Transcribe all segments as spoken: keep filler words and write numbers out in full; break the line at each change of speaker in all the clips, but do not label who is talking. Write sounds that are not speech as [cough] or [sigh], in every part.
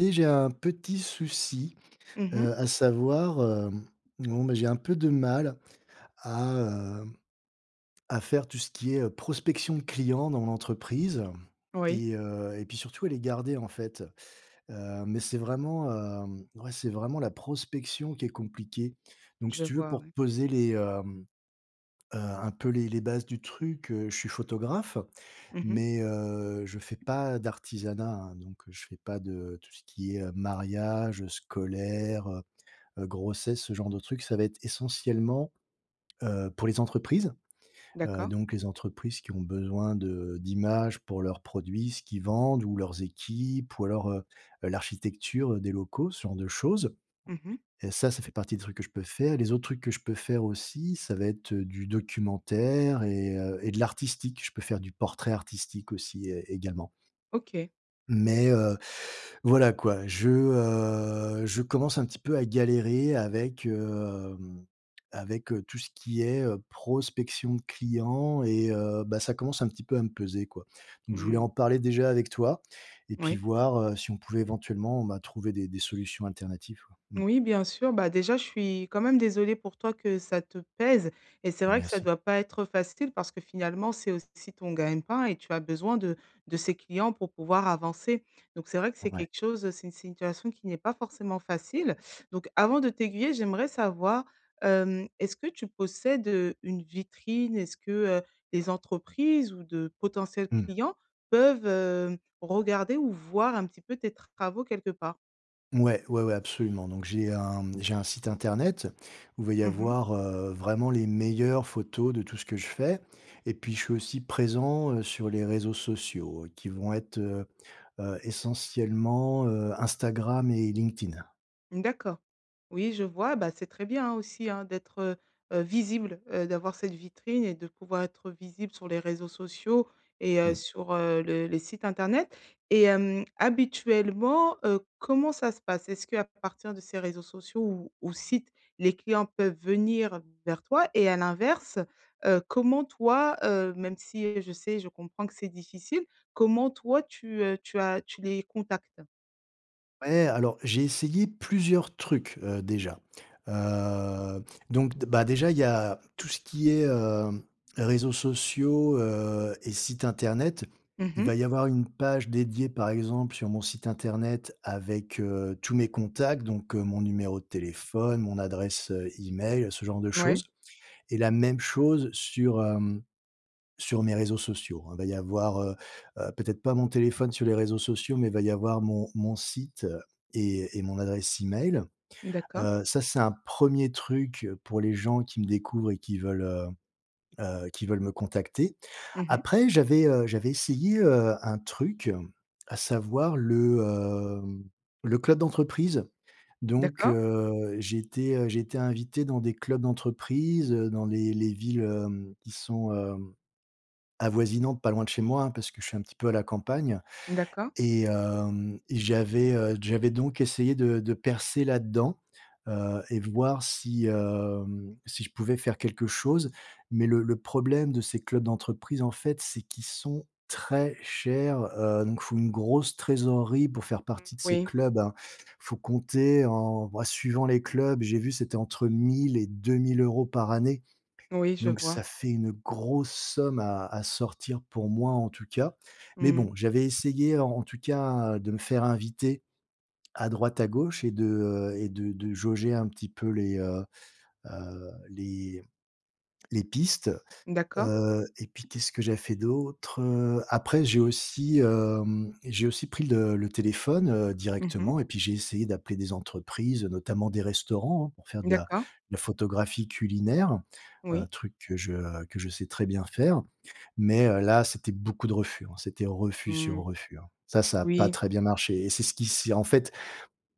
Et j'ai un petit souci,
Mmh mh.
heu, à savoir, hem, bon, bah, j'ai un peu de mal à heu, à faire tout ce qui est prospection de clients dans l'entreprise.
Oui.
Et heu et puis surtout à les garder, en fait, heu, mais, c'est vraiment, heu, ouais, c'est vraiment la prospection qui est compliquée. Donc, si
Je
tu veux
vois,
pour te
oui.
poser les hem, heu, un peu les les bases du truc, heu, je suis photographe
Mmh mh.
mais, heu, je fais pas d'artisanat, hein, donc je fais pas de tout ce qui est mariage, scolaire, heu, heu, grossesse, ce genre de trucs. Ça va être, essentiellement, heu, pour les entreprises. Heu,
D’accord.
donc, les entreprises qui ont besoin de d'images pour leurs produits, ce qu'ils vendent ou leurs équipes ou alors, heu, l'architecture des locaux, ce genre de choses.
Mmh mh.
Et ça, ça fait partie des trucs que je peux faire. Les autres trucs que je peux faire aussi, ça va être, heu, du documentaire et heu, de l'artistique. Je peux faire du portrait artistique, aussi, é également
OK.
mais, heu, voilà quoi, je, heu, je commence un petit peu à galérer avec, hem, avec, heu, tout ce qui est, heu, prospection de clients et heu, bah, ça commence un petit peu à me peser, quoi. Donc, je voulais en
Mmh.
parler déjà avec toi. Et puis,
Oui.
voir, heu, si on pouvait éventuellement, bah, trouver des des solutions alternatives, quoi. Mmh.
Moui, bien sûr. Bah, déjà, je suis, quand même, désolée pour toi que ça te pèse. Et c'est vrai que ça
Merci.
doit pas être facile, parce que, finalement, c'est aussi ton gagne pain et tu as besoin de de ces clients pour pouvoir avancer. Donc, c'est vrai que c'est
Ouais.
quelque chose c'est une situation qui n'est pas forcément facile. Donc avant de t'aiguiller, j'aimerais savoir, hem, est-ce que tu possèdes, heu, une vitrine? Est-ce que, heu, les entreprises ou de potentiels
Mmh.
clients peuvent, hem, regarder ou voir un petit peu tes travaux quelque part?
Mouais, ouais, ouais, absolument! Donc, j'ai un mmh, j'ai un site internet, où il va y
Mmh mh.
avoir, heu, vraiment les meilleures photos de tout ce que je fais. Et puis, je suis aussi présent, heu, sur les réseaux sociaux, qui vont être, heu, heu, essentiellement, heu, Instagram et LinkedIn.
Mmh, d'accord. Oui, je vois, bah, c'est très bien, hein, aussi, hein d'être, heu, heu, visible, heu, d'avoir cette vitrine et de pouvoir être visible sur les réseaux sociaux et heu,
Mmh.
sur, heu, le les sites internet. Et hem, habituellement, heu, comment ça se passe? Est-ce qu'à partir de ces réseaux sociaux ou ou sites, les clients peuvent venir vers toi et à l'inverse, heu, comment toi, heu, même si, je sais, je comprends que c'est difficile, comment toi tu, heu, tu as tu les contactes?
Ouais, alors j'ai essayé plusieurs trucs, heu, déjà, heu, donc d bah, déjà, il y a tout ce qui est, heu, réseaux sociaux, heu, et sites internet.
Mmh
Il
mh.
va y avoir une page dédiée, par exemple, sur mon site internet, avec, heu, tous mes contacts, donc, heu, mon numéro de téléphone, mon adresse, heu, email, ce genre de
Mouais.
choses, et la même chose sur, hem, sur mes réseaux sociaux, hein. Il va y avoir, heu, heu, peut-être pas mon téléphone sur les réseaux sociaux, mais il va y avoir mon mon site, et et mon adresse email,
D'accord.
heu, ça, c'est un premier truc, pour les gens qui me découvrent et qui veulent, heu, heu, qui veulent me contacter.
Mmh mh.
Après, j'avais, heu, j'avais essayé, heu, un truc, à savoir le, hem, le club d'entreprise, donc,
D'accord.
heu, j'ai été j'ai été invité dans des clubs d'entreprise, heu, dans les les, villes, hem, qui sont, heu, avoisinantes, pas loin de chez moi, hein, parce que je suis un petit peu à la campagne
Mmh d'accord.
et, hem, et j'avais, heu, j'avais donc essayé de de percer là-dedans, heu, et voir si, hem, si je pouvais faire quelque chose, mais le le problème de ces clubs d'entreprise en fait, c'est qu'ils sont très chers, heu, donc faut une grosse trésorerie pour faire partie de ces
Oui.
clubs, hein. Faut compter en bah, suivant les clubs, j'ai vu, c'était entre mille et deux mille euros par année,
Oui, je
donc
vois.
ça fait une grosse somme à à sortir, pour moi en tout cas, mais
Mmh.
bon j'avais essayé, en en tout cas, de me faire inviter à droite, à gauche et de, heu, et de de jauger un petit peu les, heu, heu, les les pistes,
D'accord.
heu, et puis qu'est-ce que j'avais fait d'autres, heu? Après, j'ai aussi, hem, j'ai aussi pris le le téléphone, heu,
Mmh mh.
directement et puis, j'ai essayé d'appeler des entreprises, notamment des restaurants, hein pour faire de la de
D'accord.
la photographie culinaire, heu,
Oui.
truc que je que je sais très bien faire, mais, heu, là, c'était beaucoup de refus, hein. C'était refus sur
Mmh.
refus, hein. Ça, ça a pas
Oui.
très bien marché et c'est ce qui s'y en fait,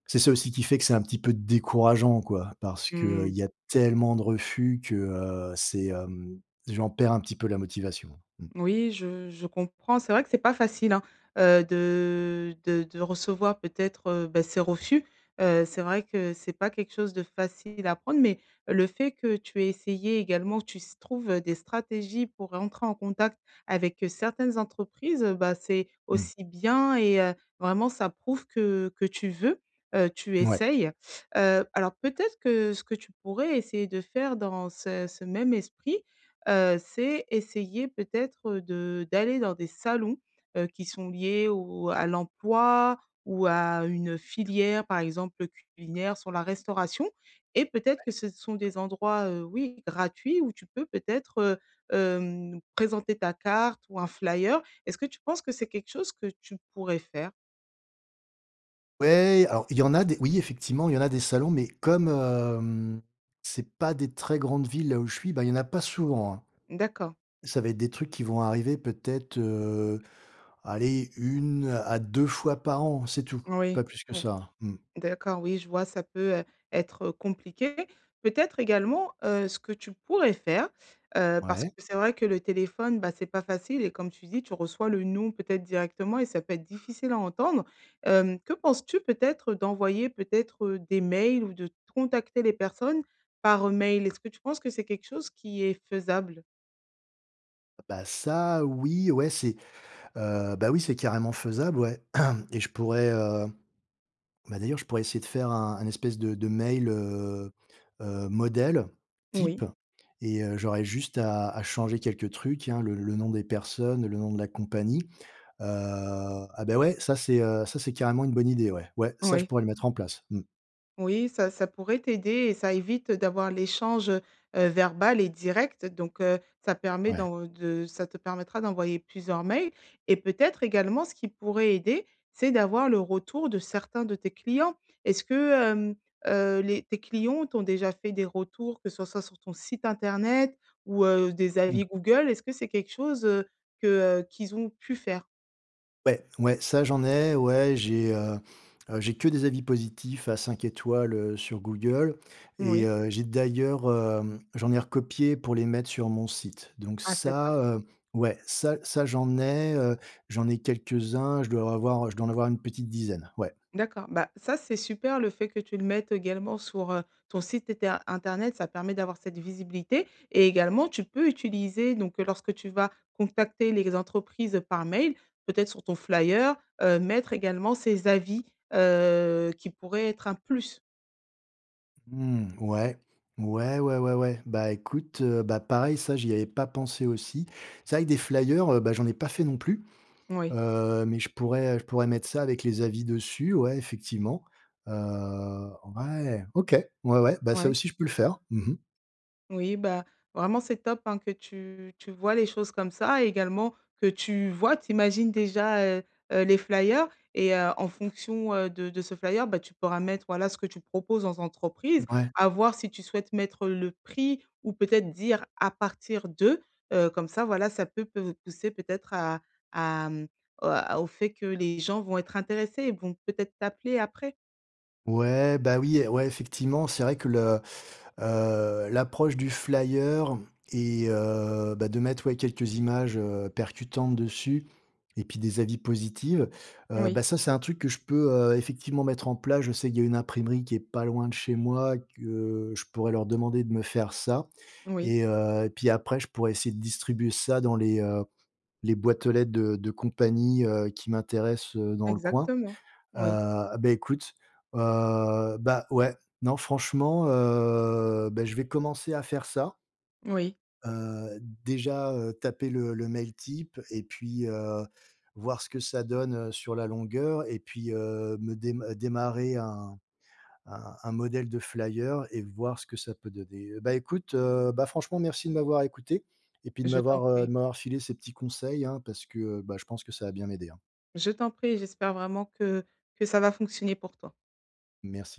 c'est ça aussi qui fait que, c'est un petit peu décourageant quoi. Parce que, heu, il
Mmh.
y a tellement de refus que, heu, c'est, hem, j'en perds un petit peu la motivation. Mmh.
Moui, je je comprends, c'est vrai que c'est pas facile, hein, heu, de de de recevoir peut-être, heu, bah, ces refus, heu, c'est vrai que c'est pas quelque chose de facile à prendre, mais le fait que tu aies essayé également, tu s trouves des stratégies pour rentrer en contact avec, heu, certaines entreprises, heu, bah c'est
Mmh.
aussi bien et heu, vraiment ça prouve que que tu veux, heu tu
Mouais.
essayes, heu, alors peut-être que, ce que tu pourrais essayer de faire, dans ce ce même esprit, heu, c'est essayer peut-être, heu, de d'aller dans des salons, heu, qui sont liés au à l'emploi ou à une filière par exemple, heu, culinaire, sur la restauration et peut-être que
Ouais.
ce sont des endroits, heu, oui, gratuits, où tu peux peut-être, heu, hem, présenter ta carte ou un flyer. Est-ce que tu penses que c'est quelque chose que tu pourrais faire?
Ouais, alors il y en a des oui effectivement, il y en a des salons, mais comme, hem, c'est pas des très grandes villes, là où je suis, bah, il y en a pas souvent, hein.
D'accord.
Ça va être des trucs qui vont arriver peut-être, heu, allez, une à deux fois par an, c'est tout,
Oui,
pas plus que
ou
ça, mmh.
d'accord, oui, je vois ça peut, heu, être, heu, compliqué. Peut-être, également, heu, ce que tu pourrais faire, heu, parce que
Ouais?
c'est vrai que le téléphone, bah, c'est pas facile et comme tu dis, tu reçois le «Non» peut-être directement et ça peut être difficile à entendre, hem, que penses-tu peut-être d'envoyer peut-être, heu, des mails ou de de contacter les personnes par mail? Est-ce que tu penses que c'est quelque chose qui est faisable?
Bah ça, oui, ouais, c'est heu, bah, oui, c'est carrément faisable, ouais [clears throat] et je pourrais, heu, bah d'ailleurs, je pourrais essayer de faire un un espèce de de mail, heu, heu, modèle
Moui.
type et heu, j'aurais juste à à changer quelques trucs, hein, le le nom des personnes, le nom de la compagnie, heu, ah bah ouais, ça, c'est, heu, ça, c'est carrément une bonne idée, ouais! Ouais, ça, je
Oui.
pourrais le mettre en place, mmh.
Oui, ça ça pourrait t'aider et ça évite d'avoir l'échange, heu, heu, verbal et direct donc, heu, ça permet
Ouais.
dans de ça te permettra d'envoyer plusieurs mails et peut-être également ce qui pourrait aider, c'est d'avoir le retour de certains de tes clients. Est-ce que, hem, heu, les tes clients t'ont déjà fait des retours, que ce soit sur ton site internet ou, heu, des
Mmh.
avis Google, est-ce que c'est quelque chose, heu, que, heu, qu'ils ont pu faire?
Ouais, ouais. Ça j'en ai. Ouais, j'ai, heu heu, j'ai que des avis positifs à cinq étoiles, heu, sur Google
Mmh
et
oui.
heu, j'ai d'ailleurs, hem, j'en ai recopié pour les mettre sur mon site. Donc,
Ah, c'est top!
ça, heu, ouais, ça ça j'en ai, heu, j'en ai quelques-uns. Je dois avoir je dois en avoir une petite dizaine. Ouais.
D'accord. Bah, ça c'est super, le fait, que tu le mettes également sur, heu, ton site eter internet. Ça permet d'avoir cette visibilité et également, tu peux utiliser donc, heu, lorsque tu vas contacter les entreprises par mail, peut-être sur ton flyer, heu, mettre également ces avis, heu, qui pourraient être un plus.
Mmh. Ouais. Ouais, ouais, ouais, ouais. Bah, écoute, heu, bah, pareil, ça, j'y avais pas pensé aussi. C'est vrai que des flyers, heu, bah, j'en ai pas fait non plus,
Oui.
heu, mais je pourrais, heu, je pourrais mettre ça avec les avis dessus. Ouais, effectivement. Heu, ouais! OK. Ouais, ouais, bah, ça
Ouais.
aussi je peux le faire. Mmh mh.
Oui, bah, vraiment c'est top, hein, que tu tu voies les choses comme ça, également que tu voies, tu imagines déjà, heu heu, les flyer et heu, en fonction, heu, de de ce flyer, bah, tu pourras mettre, voilà, ce que tu proposes aux entreprises.
Ouais.
À voir, si tu souhaites, mettre le prix ou peut-être dire à partir de heu, comme ça, voilà, ça peut peut pousser peut-être, à à hem, a au fait que les gens vont être intéressés et vont peut-être t'appeler après.
Ouais, bah, oui, ouais effectivement c'est vrai que le heu, l'approche du flyer et heu, bah, de mettre, ouais, quelques images, heu, percutantes dessus et puis des avis positives, heu,
Oui.
bah, ça c'est un truc que je peux, heu, effectivement mettre en place. Je sais qu'il y a une imprimerie qui est pas loin de chez moi, que je pourrais leur demander de me faire ça
Oui.
et heu, puis après, je pourrais essayer de distribuer ça dans les, heu, les boîtes aux lettres de de compagnies, heu, qui m'intéressent, heu, dans le coin,
Exactement,
heu,
oui.
heu, bah écoute, heu, bah, ouais. Non franchement, heu, bah je vais commencer à faire ça.
Oui.
Heu, déjà, heu, taper, le le mail type et puis, heu, voir ce que ça donne, heu, sur la longueur et puis, heu, me dé démarrer un un un modèle de flyer et voir ce que ça peut donner. Bah écoute, heu, bah, franchement merci de m'avoir écouté et puis de
Je t'en
m'avoir, heu,
prie.
de m'avoir filé ces petits conseils hein parce que, bah, je pense que ça va bien m'aider hein.
Je t'en prie. J'espère vraiment que que ça va fonctionner pour toi.
Merci.